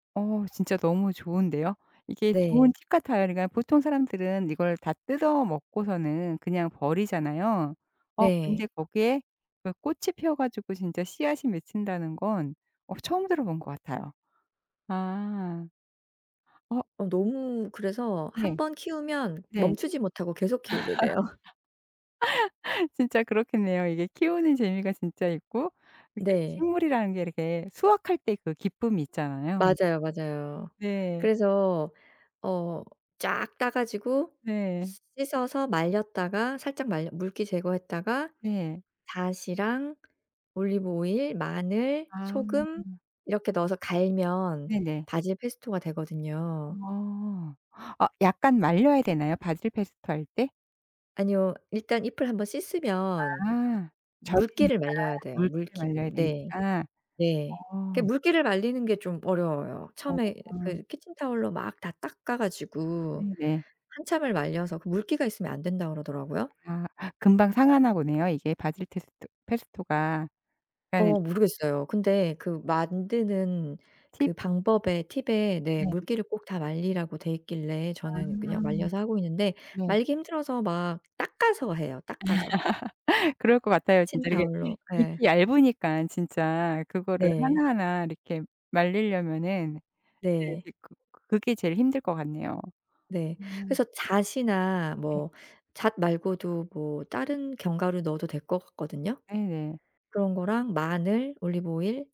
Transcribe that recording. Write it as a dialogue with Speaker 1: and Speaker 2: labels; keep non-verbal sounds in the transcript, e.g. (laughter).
Speaker 1: 어 진짜 너무 좋은데요? 이게
Speaker 2: 네.
Speaker 1: 좋은 팁 같아요. 그러니까 보통 사람들은 이걸 다 뜯어먹고서는 그냥 버리잖아요. 어
Speaker 2: 네.
Speaker 1: 근데 거기에 그 꽃이 펴 가지고 진짜 씨앗이 맺힌다는 건 어 처음 들어 본 것 같아요. 아. 어.
Speaker 2: 어 너무 그래서 1
Speaker 1: 네.
Speaker 2: 번 키우면
Speaker 1: 네.
Speaker 2: 멈추지 못하고 계속 키우게 돼요.
Speaker 1: (laughs) 진짜 그렇겠네요. 이게 키우는 재미가 진짜 있고 이게
Speaker 2: 네.
Speaker 1: 식물이라는 게 이렇게 수확할 때 그 기쁨이 있잖아요.
Speaker 2: 맞아요, 맞아요.
Speaker 1: 네.
Speaker 2: 그래서 어 쫙 따 가지고
Speaker 1: 네.
Speaker 2: 씻어서 말렸다가 살짝 말려 물기 제거했다가
Speaker 1: 네.
Speaker 2: 다시랑 올리브오일, 마늘,
Speaker 1: 아.
Speaker 2: 소금 이렇게 넣어서 갈면
Speaker 1: 네네.
Speaker 2: 바질 페스토가 되거든요.
Speaker 1: 아. 아 약간 말려야 되나요, 바질 페스토 할 때?
Speaker 2: 아니요. 일단 잎을 1 번 씻으면
Speaker 1: 아.
Speaker 2: 물기를
Speaker 1: 젖으니까
Speaker 2: 말려야 돼요
Speaker 1: 물기를
Speaker 2: 물기를.
Speaker 1: 말려야
Speaker 2: 네.
Speaker 1: 되니까.
Speaker 2: 네. 그
Speaker 1: 어.
Speaker 2: 물기를 말리는 게 좀 어려워요. 처음에
Speaker 1: 어.
Speaker 2: 그 키친타월로 막 다 닦아 가지고
Speaker 1: 음 네.
Speaker 2: 한참을 말려서 그 물기가 있으면 안 된다 그러더라고요.
Speaker 1: 아. 금방 상하나 보네요, 이게 바질 테스트 페스토가. 그러니까는
Speaker 2: 어 모르겠어요. 근데 그 만드는
Speaker 1: 팁.
Speaker 2: 그 방법에 팁에 네
Speaker 1: 네.
Speaker 2: 물기를 꼭 다 말리라고 돼 있길래
Speaker 1: 아.
Speaker 2: 저는 그냥 말려서 하고 있는데
Speaker 1: 네.
Speaker 2: 말리기 힘들어서 막 닦아서 해요 닦아서.
Speaker 1: (laughs) 그럴 것 같아요 진짜. 이렇게
Speaker 2: 키친타월로 예.
Speaker 1: 잎이 얇으니까 진짜 그거를
Speaker 2: 네.
Speaker 1: 하나하나 이렇게 말리려면은 네
Speaker 2: 네.
Speaker 1: 이제 그 그게 제일 힘들 것 같네요.
Speaker 2: 네.
Speaker 1: 음.
Speaker 2: 그래서 잣이나
Speaker 1: 네.
Speaker 2: 뭐 잣 말고도 뭐 다른 견과류 넣어도 될 것 같든요.
Speaker 1: 네네.
Speaker 2: 그런 거랑 마늘, 올리브오일